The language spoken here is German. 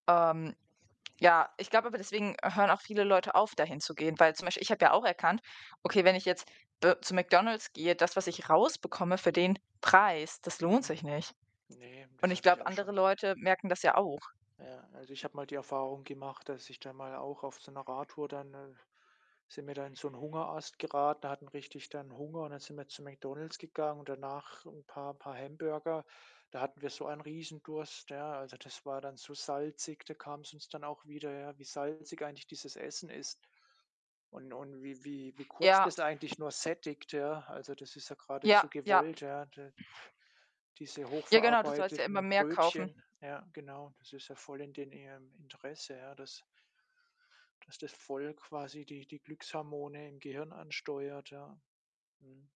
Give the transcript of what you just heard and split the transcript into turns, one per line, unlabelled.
Ähm. Ja, ich glaube aber, deswegen hören auch viele Leute auf, dahinzugehen. Weil zum Beispiel, ich habe ja auch erkannt: „Okay, wenn ich jetzt d zu McDonald's gehe, das, was ich rausbekomme für den Preis, das lohnt
Mhm.
sich nicht.“
Ne,
Und
das
ich
habe ich
glaube,
auch
andere
schon
Leute merken das ja auch.
Ja, also, ich habe mal die Erfahrung gemacht, dass ich dann mal auch auf so 'ner Radtour dann, äh, sind wir da in so 'nen Hungerast geraten, hatten richtig dann Hunger und dann sind wir zu McDonald's gegangen und dann nach 'n paar paar Hamburger, da hatten wir so ein Riesendurst, ja. Also, das war dann so salzig, da kam es uns dann auch wieder, ja, wie salzig eigentlich dieses Essen ist und und wie wie wie kurz
Ja.
das eigentlich nur sättigt, ja. Also, das ist ja
Ja,
geradezu
ja.
gewollt, ja. D Diese hoch
Ja, genau, du sollst ja immer
verarbeiteten
mehr kaufen.
Brötchen ja, genau, das ist ja voll in den ihrem Interesse, ja, dass dass das voll quasi die die Glückshormone im Gehirn ansteuert, ja. Mhm.